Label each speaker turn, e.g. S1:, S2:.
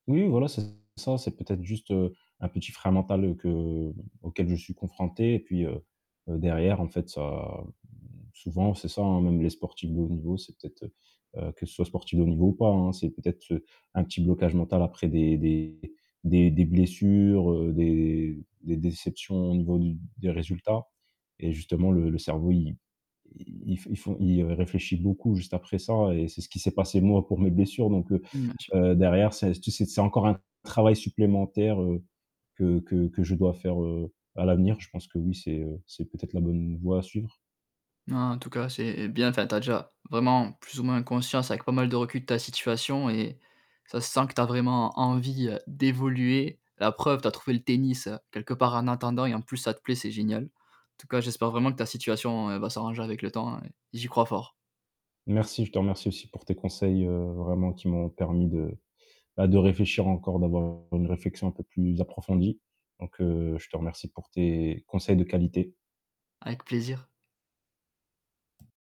S1: Oui, voilà, c'est ça, c'est peut-être juste, heu, un petit frein mental que auquel je suis confronté et puis, heu, derrière en fait ça, mmh, souvent, c'est ça, hein, même les sportifs de haut niveau, c'est peut-être heu, que ce soit sportifs de haut niveau ou pas, hein, c'est peut-être, heu, un petit blocage mental après des des des des blessures, heu, des des déceptions au niveau d des résultats et justement le le cerveau il i il fond il ré réfléchit beaucoup juste après ça et c'est ce qui s'est passé moi pour mes blessures donc, heu
S2: Bien sûr.
S1: heu, derrière c'est c'est c'est encore un travail supplémentaire, heu, que que que je dois faire, heu, à l'avenir. Je pense que oui, c'est, heu, c'est peut-être la bonne voie à suivre.
S2: Non en tout cas, c'est bien enfin tu as déjà vraiment plus ou moins conscience avec pas mal de recul de ta situation et ça se sent que tu as vraiment envie d'évoluer. La preuve: tu as trouvé le tennis, heu, quelque part en attendant et en plus ça te plaît, c'est génial. En tout cas, j'espère vraiment que ta situation va s'arranger avec le temps et j'y crois fort.
S1: Merci, je te remercie aussi pour tes conseils, heu, vraiment qui m'ont permis de, bah, de réfléchir encore, d'avoir une réflexion un peu plus approfondie. Donc, heu, je te remercie pour tes conseils de qualité.
S2: Avec plaisir.